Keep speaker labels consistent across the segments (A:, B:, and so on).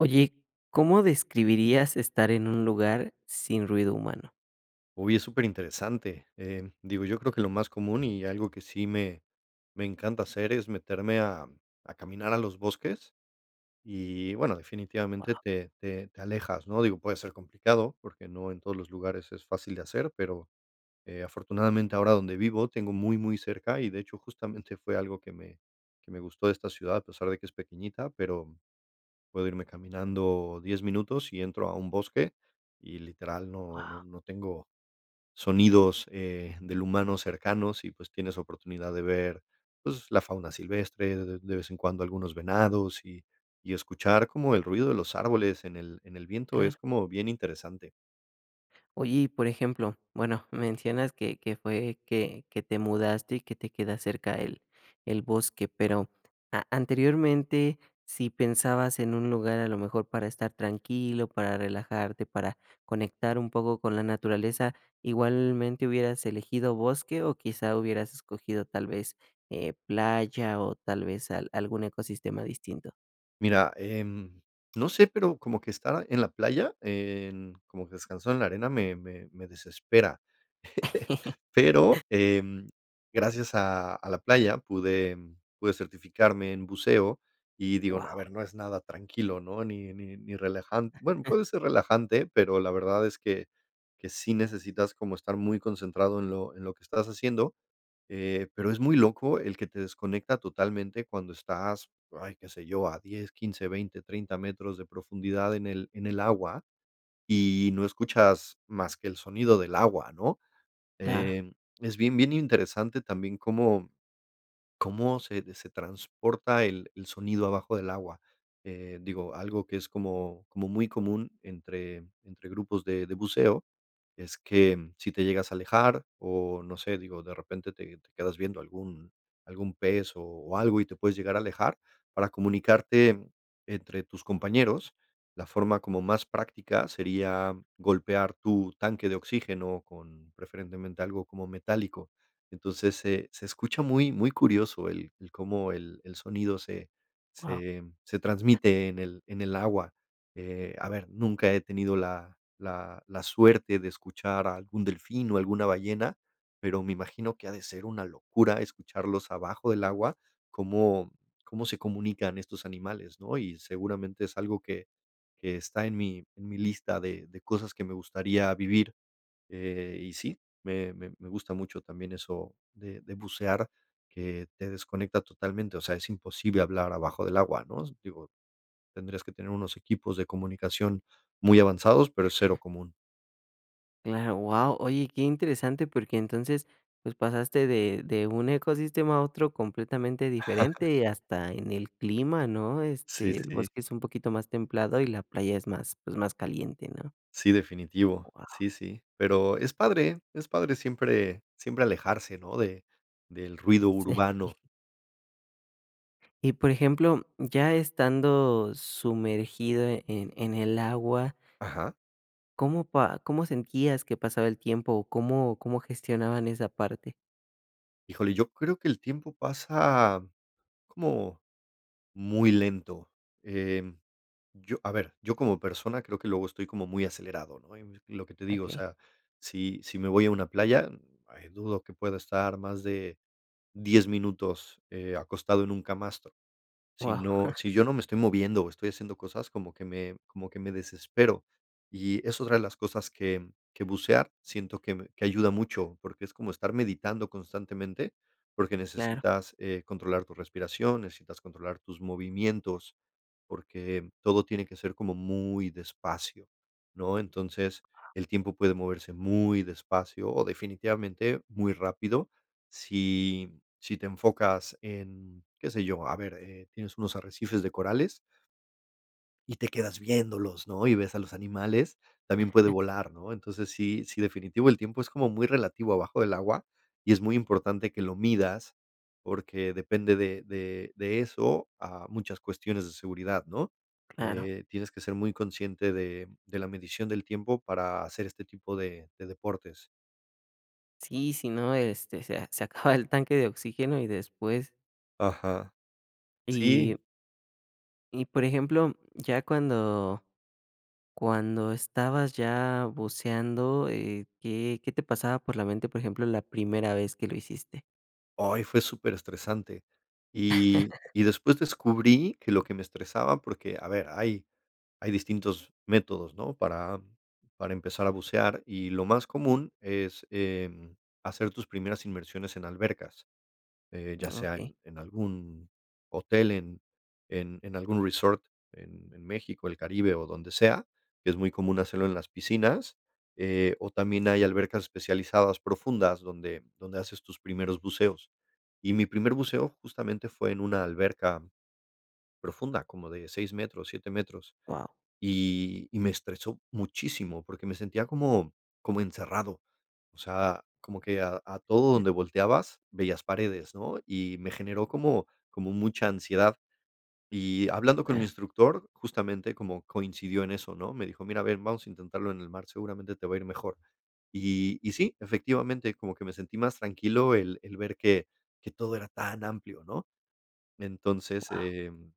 A: Oye, ¿cómo describirías estar en un lugar sin ruido humano?
B: Uy, es superinteresante, eh, digo, yo creo que lo más común y algo que sí me me encanta hacer es meterme a a caminar a los bosques y, bueno, definitivamente
A: Guau.
B: te te te alejas, ¿no?, digo, puede ser complicado porque no en todos los lugares es fácil de hacer, pero, eh, afortunadamente ahora donde vivo tengo muy muy cerca y, de hecho, justamente fue algo que me que me gustó de esta ciudad, a pesar de que es pequeñita, pero puedo irme caminando 10 minutos y entro a un bosque y literal no no
A: Guau.
B: no tengo sonidos, eh, del humano cercanos y pues, tienes oportunidad de ver, pues, la fauna silvestre, de de vez en cuando algunos venados y y escuchar como el ruido de los árboles en el en el viento,
A: Claro.
B: es como bien interesante.
A: Oye, y por ejemplo, bueno, mencionas que que fue que que te mudaste y que te queda cerca el el bosque, pero a anteriormente, si pensabas en un lugar, a lo mejor para estar tranquilo, para relajarte, para conectar un poco con la naturaleza, ¿igualmente hubieras elegido bosque o quizá hubieras escogido tal vez, eh, playa o tal vez al algún ecosistema distinto?
B: Mira, em, no sé, pero como que estar en la playa, en, como que descansar en la arena me me me desespera, pero, em, gracias a a la playa pude pude certificarme en buceo y digo, no, a
A: Guau.
B: ver, no es nada tranquilo, ¿no?, ni ni ni relajan bueno, puede ser relajante, pero la verdad es que que sí necesitas como estar muy concentrado en lo en lo que estás haciendo, eh, pero es muy loco el que te desconecta totalmente cuando estás, ay, qué sé yo, a 10, 15, 20, 30 metros de profundidad en el en el agua y no escuchas más que el sonido del agua, ¿no?,
A: Claro.
B: em, es bien bien interesante también cómo cómo se de se transporta el el sonido abajo del agua, eh, digo, algo que es como como muy común entre entre grupos de de buceo, es que, mm, si te llegas a alejar o, no sé, digo, de repente te te quedas viendo algún algún pez o o algo y te puedes llegar a alejar, para comunicarte, entre tus compañeros, la forma como más práctica sería golpear tu tanque de oxígeno con preferentemente algo como metálico, entonces, se se escucha muy muy curioso el el cómo el el sonido se
A: Guau.
B: se se transmite en el en el agua, eh, a ver, nunca he tenido la la la suerte de escuchar a algún delfín o alguna ballena, pero me imagino que ha de ser una locura escucharlos abajo del agua, cómo cómo se comunican estos animales, ¿no?, y seguramente es algo que que está en mi en mi lista de de cosas que me gustaría vivir, eh, y sí, me me me me gusta mucho también eso de de bucear, que te desconecta totalmente, o sea, es imposible hablar abajo del agua, ¿no?, digo, tendrías que tener unos equipos de comunicación muy avanzados, pero es 0 común.
A: Cla guau, oye, qué interesante porque entonces pues pasaste de de un ecosistema a otro completamente diferente y hasta en el clima ¿no?
B: Sí,
A: Este, el
B: sí.
A: bosque es un poquito más templado y la playa es más, pues, más caliente ¿no?
B: Sí, definitivo,
A: Guau.
B: sí, sí, pero, es padre, es padre siempre siempre alejarse, ¿no?, de del ruido
A: Sí.
B: urbano.
A: Y por ejemplo, ya estando sumergido en en el agua.
B: Ajá.
A: ¿Cómo pa cómo sentías que pasaba el tiempo o cómo cómo gestionaban esa parte?
B: Híjole, yo creo que el tiempo pasa como, muy lento, eh, yo, a ver, yo como persona creo que luego estoy como muy acelerado, ¿no?, y lo que te digo, o
A: Okey.
B: sea, sí sí me voy a una playa, dudo que pueda estar más de 10 minutos, eh, acostado en un camastro, sí
A: Guau.
B: no sí yo no me estoy moviendo o estoy haciendo cosas, como que me como que me desespero, y es otra de las cosas que que bucear siento que me que ayuda mucho, porque es como estar meditando constantemente, porque
A: Claro.
B: necesitas, eh, controlar tu respiración, necesitas controlar tus movimientos, porque todo tiene que ser como muy despacio, ¿no?, entonces, el tiempo puede moverse muy despacio o definitivamente muy rápido, si si te enfocas en ¿qué sé yo? A ver, eh, tienes unos arrecifes de corales y te quedas viéndolos, ¿no?, y ves a los animales, también puede volar, ¿no? Entonces, sí sí definitivo el tiempo es como muy relativo abajo del agua, y es muy importante que lo midas porque depende de de de eso a muchas cuestiones de seguridad, ¿no?
A: Claro.
B: Eh, tienes que ser muy consciente de de la medición del tiempo para hacer este tipo de de deportes.
A: Sí, sí, no, este, se se acaba el tanque de oxígeno y después
B: Ajá. Sí.
A: Y Y por ejemplo, ya cuando cuando estabas ya buceando, eh, ¿qué qué te pasaba por la mente, por ejemplo, la primera vez que lo hiciste?
B: Ay, fue superestresante y y después descubrí que lo que me estresaba porque a ver, hay hay distintos métodos, ¿no? Para para empezar a bucear, y lo más común es, em, hacer tus primeras inmersiones en albercas, eh, ya sea
A: Okey.
B: en en algún hotel, en en en algún resort, en en México, el Caribe o donde sea, que es muy común hacerlo en las piscinas, eh, o también hay albercas especializadas profundas donde donde haces tus primeros buceos. Y mi primer buceo justamente fue en una alberca profunda, como de 6 metros, 7 metros,
A: Guau.
B: y y me estresó muchísimo, porque me sentía como como encerrado. O sea, como que a a todo donde volteabas veías paredes, ¿no?, y me generó como como mucha ansiedad. Y hablando con mi
A: Ah.
B: instructor, justamente, como coincidió en eso, ¿no? Me dijo: "Mira, a ver, vamos a intentarlo en el mar, seguramente te va a ir mejor". Y y sí, efectivamente, como que me sentí más tranquilo el el ver que que todo era tan amplio, ¿no? Entonces,
A: Guau.
B: em,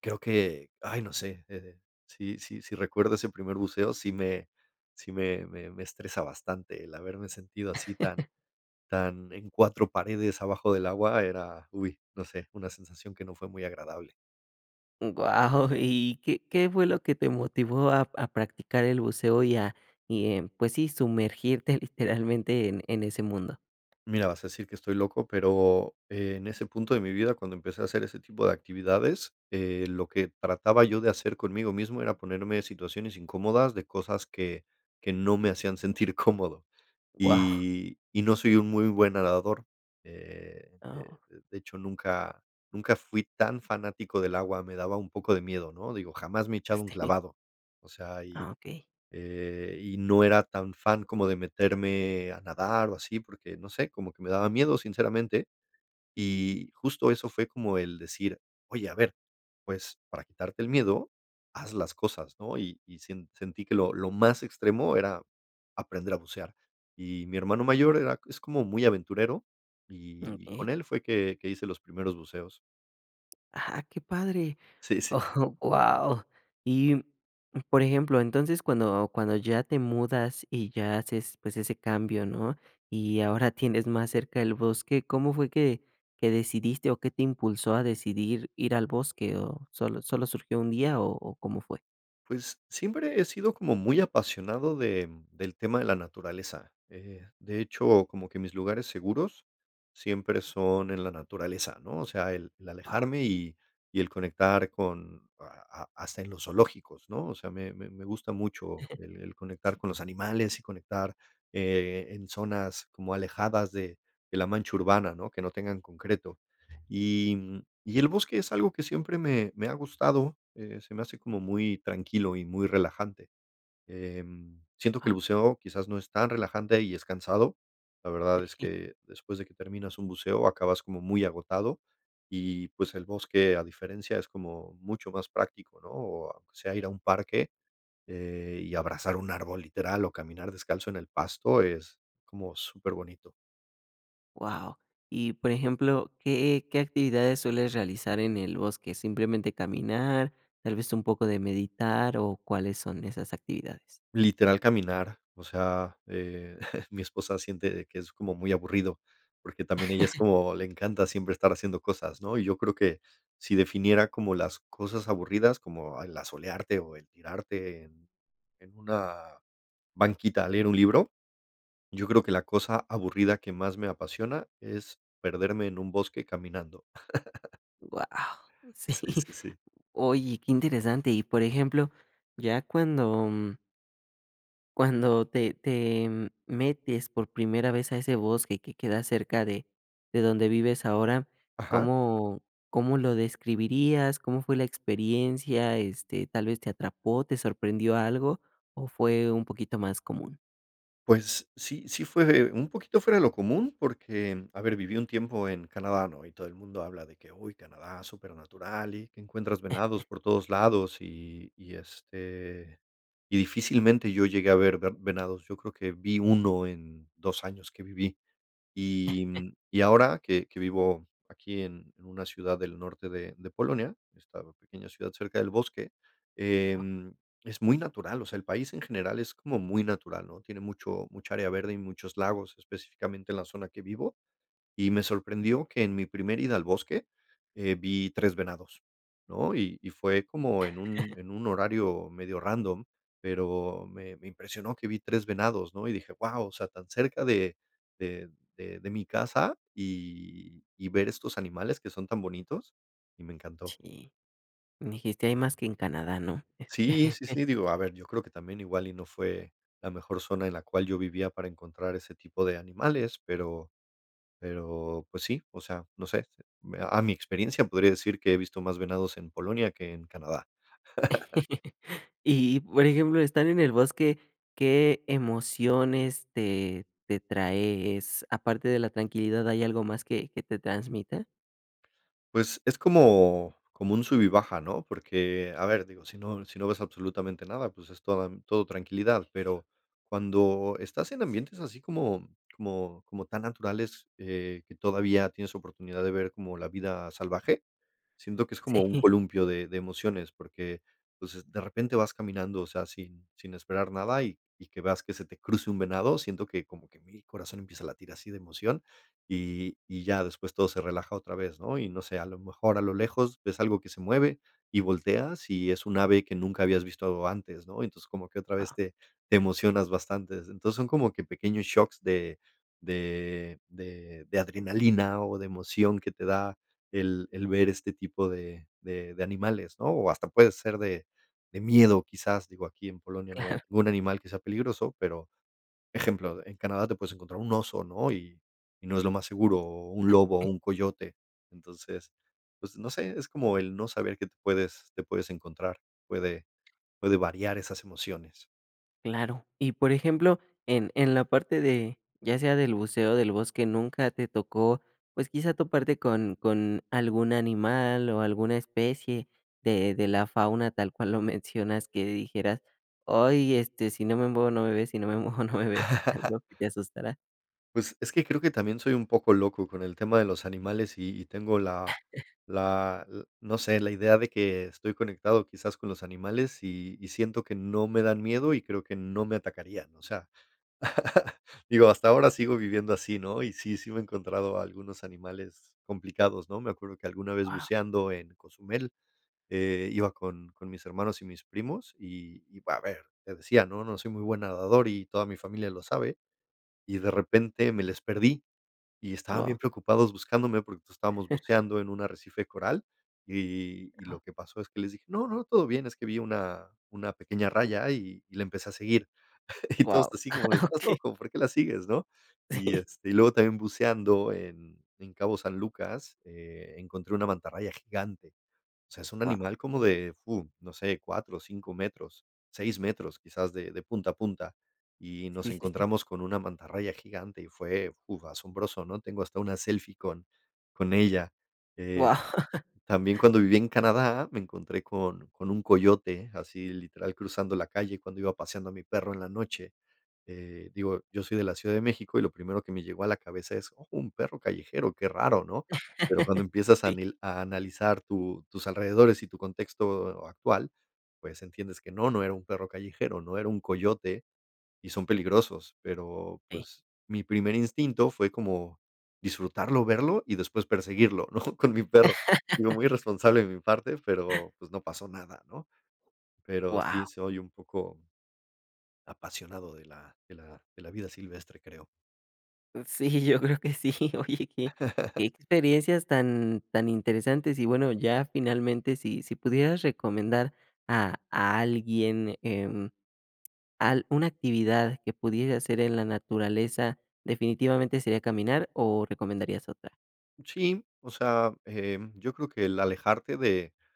B: creo que, ay, no sé, eh sí sí sí recuerdo ese primer buceo, sí me sí me me me estresa bastante el haberme sentido así tan tan en 4 paredes abajo del agua era, uy, no sé, una sensación que no fue muy agradable.
A: Guau. ¿Y qué qué fue lo que te motivó a p a practicar el buceo y, a y, em pues sí, sumergirte literalmente en en ese mundo?
B: Mira, vas a decir que estoy loco, pero en ese punto de mi vida, cuando empecé a hacer ese tipo de actividades, eh, lo que trataba yo de hacer conmigo mismo era ponerme situaciones incómodas, de cosas que que no me hacían sentir cómodo.
A: Guau.
B: Y y no soy un muy buen nadador, eh,
A: Ah, oh.
B: de de de hecho, nunca nunca fui tan fanático del agua, me daba un poco de miedo, ¿no? Digo, jamás me he echado un
A: [unintelligible]
B: clavado. O sea, y,
A: Ah, okey.
B: eh, y no era tan fan como de meterme a nadar o así, porque no sé, como que me daba miedo, sinceramente. Y justo eso fue como el decir: "Oye, a ver pues, para quitarte el miedo, haz las cosas", ¿no? Y y sien sentí que lo lo más extremo era aprender a bucear. Y mi hermano mayor era c es como muy aventurero, y y con
A: Okey.
B: él fue que que hice los primeros buceos.
A: ¡Ah, qué padre!,
B: Sí, sí.
A: oh, guau. Y, mm, por ejemplo, entonces cuando cuando ya te mudas y ya haces, pues, ese cambio, ¿no?, y ahora tienes más cerca el bosque, ¿cómo fue qué qué decidiste o qué te impulsó a decidir ir al bosque? ¿O solo solo surgió un día o o cómo fue?
B: Pues siempre he sido como muy apasionado de, mm, del tema de la naturaleza. Eh, de hecho, como que mis lugares seguros siempre son en la naturaleza, ¿no? O sea, el el
A: Guau.
B: alejarme y y el conectar con a a hasta en los zoológicos, ¿no? O sea, me me me gusta mucho el el conectar con los animales y conectar, eh, en zonas como alejadas de de la mancha urbana, ¿no?, que no tengan concreto. Y, mm, y el bosque es algo que siempre me me ha gustado, eh, se me hace como muy tranquilo y muy relajante. Em, siento que el
A: Guau.
B: buceo quizás no es tan relajante y es cansado. La verdad es que después de que terminas un buceo acabas como muy agotado y, pues, el bosque, a diferencia, es como mucho más práctico, ¿no?, o aunque sea ir a un parque, eh, y abrazar un árbol, literal, o caminar descalzo en el pasto es como superbonito.
A: Guau. Y, por ejemplo, ¿qué qué actividades sueles realizar en el bosque? ¿Simplemente caminar, tal vez un poco de meditar o cuáles son esas actividades?
B: Literal caminar, o sea, eh, mi esposa siente de que es como muy aburrido, porque también ella es como le encanta siempre estar haciendo cosas, ¿no? Y yo creo que sí definiera como las cosas aburridas, como el asolearte o el tirarte en en una banquita a leer un libro, yo creo que la cosa aburrida que más me apasiona es perderme en un bosque caminando.
A: Guau, sí.
B: Sí, sí, sí.
A: Oye, qué interesante y por ejemplo, ya cuando cuando te te metes por primera vez a ese bosque que queda cerca de de donde vives ahora,
B: Ajá.
A: ¿cómo cómo lo describirías? ¿Cómo fue la experiencia? Este, ¿tal vez te atrapó, te sorprendió algo? O fue un poquito más común.
B: Pues sí sí fue un poquito fuera de lo común porque, a ver, viví un tiempo en Canadá, ¿no? Y todo el mundo habla de que, uy, Canadá, super natural y que encuentras venados por todos lados y y este y difícilmente yo llegué a ver ve venados. Yo creo que vi 1 en 2 años que viví. Y y ahora que que vivo aquí en en una ciudad del norte de de Polonia, esta pequeña ciudad cerca del bosque, em, es muy natural, o sea, el país en general es como muy natural, ¿no? Tiene mucho mucha área verde y muchos lagos, específicamente en la zona que vivo. Y me sorprendió que en mi primera ida al bosque, eh, vi 3 venados, ¿no? Y y fue como en un en un horario medio random, pero me me impresionó que vi 3 venados, ¿no? Y dije: "Guau", o sea, tan cerca de de de de mi casa y y ver estos animales que son tan bonitos, y me encantó.
A: Sí. Me dijiste: "Hay más que en Canadá", ¿no?
B: Sí, sí, sí, digo, a ver, yo creo que también igual y no fue la mejor zona en la cual yo vivía para encontrar ese tipo de animales, pero-pero, pues sí, o sea, no sé, a mi experiencia podría decir que he visto más venados en Polonia que en Canadá.
A: Y por ejemplo, están en el bosque, ¿qué emociones te te traes? Aparte de la tranquilidad, ¿hay algo más que que te transmita?
B: Pues es como como un sube y baja, ¿no? Porque, a ver digo, sí no sí no ves absolutamente nada, pues es toda todo tranquilidad, pero cuando estás en ambientes así como como como tan naturales, eh, que todavía tienes oportunidad de ver como la vida salvaje, siento que es
A: Sí.
B: como un columpio de de emociones, porque, pues, de repente vas caminando, o sea, así, sin esperar nada y y que veas que se te cruce un venado, siento que como que mi corazón empieza a latir así de emoción, y y ya después todo se relaja otra vez, ¿no? Y no sé, a lo mejor a lo lejos ves algo que se mueve y volteas, y es un ave que nunca habías visto antes, ¿no? Y entonces como que otra vez
A: Ah.
B: te te emocionas bastante. Entonces, son como que pequeños shocks de de de de adrenalina o de emoción que te da el el ver este tipo de de de animales, ¿no? O hasta puede ser de de miedo quizás, digo aquí en Polonia. No hay
A: Claro.
B: un animal quizás peligroso, pero, ejemplo, en Canadá te puedes encontrar un oso, ¿no? Y y no es lo más seguro, o un lobo o un coyote. Entonces, pues no sé, es como el no saber que te puedes te puedes encontrar. Puede puede variar esas emociones.
A: Claro, y por ejemplo, en en la parte de, ya sea del buceo o del bosque, ¿nunca te tocó, pues quizá toparte con con algún animal o alguna especie de de la fauna, tal cual lo mencionas, que dijeras: "Ay, este, si no me muevo no me ve, si no me muevo no me ve", algo que te asustara?
B: Pues es que creo que también soy un poco loco con el tema de los animales y y tengo la la l no sé, la idea de que estoy conectado quizás con los animales y y siento que no me dan miedo y creo que no me atacarían. O sea, digo, hasta ahora sigo viviendo así, ¿no? Y sí, sí me he encontrado algunos animales complicados, ¿no? Me acuerdo que alguna vez
A: Ah.
B: buceando en Cozumel, eh, iba con con mis hermanos y mis primos y y va a ver, te decía, no, no soy muy buen nadador y toda mi familia lo sabe. Y de repente me les perdí y estaban
A: Guau.
B: bien preocupados buscándome porque estábamos buceando en un arrecife coral y y y lo que pasó es que les dije no, no, todo bien, es que vi una una pequeña raya y y la empecé a seguir. Y todo
A: Guau,
B: esto así como de estás
A: Okey.
B: loco, ¿por qué la sigues?,¿no? Y,
A: Sí.
B: este, y luego también buceando en en Cabo San Lucas, eh, encontré una mantarraya gigante. O sea, es un
A: Guau.
B: animal como de fu, no sé, 4, 5 metros, 6 metros quizás de de punta a punta. Y nos
A: Sí, sí, sí.
B: encontramos con una mantarraya gigante y fue, fu, asombroso, ¿no? Tengo hasta una selfie con con ella. Eh,
A: Guau.
B: también cuando viví en Canadá me encontré con con un coyote, así literal, cruzando la calle cuando iba paseando a mi perro en la noche. Eh, digo, yo soy de la Ciudad de México y lo primero que me llegó a la cabeza es oh, un perro callejero, qué raro, ¿no? Pero cuando empiezas a
A: Sí.
B: nil a analizar tu tus alrededores y tu contexto actual, pues entiendes que no, no era un perro callejero, ¿no? era un coyote y son peligrosos, pero,
A: Sí.
B: pues, mi primer instinto fue como disfrutarlo, verlo y después perseguirlo ¿no?, con mi perro. Digo muy irresponsable de mi parte pero pues no pasó nada ¿no? Pero sí
A: Guau.
B: soy un poco apasionado de la de la de la vida silvestre, creo.
A: Sí, yo creo que sí, oye, que que experiencias tan tan interesantes, y bueno, ya finalmente, si si pudieras recomendar a a alguien, em, al una actividad que pudiera hacer en la naturaleza, ¿definitivamente sería caminar o recomendarías otra?
B: Sí, o sea, eh, yo creo que el alejarte de-de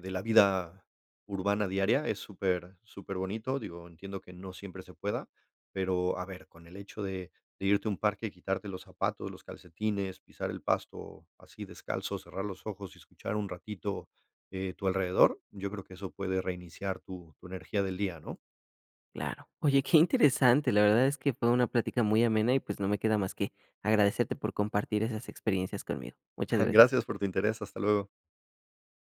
B: de la vida urbana diaria es súper, súper bonito. Digo, entiendo que no siempre se pueda, pero, a ver, con el hecho de de irte a un parque y quitarte los zapatos, los calcetines, pisar el pasto, así descalzo, cerrar los ojos y escuchar un ratito, eh, tu alrededor, yo creo que eso puede reiniciar tu tu energía del día, ¿no?
A: Claro, oye, qué interesante, la verdad es que fue una plática muy amena y, pues, no me queda más que agradecerte por compartir esas experiencias conmigo, muchas gracias.
B: Gracias por tu interés, hasta luego.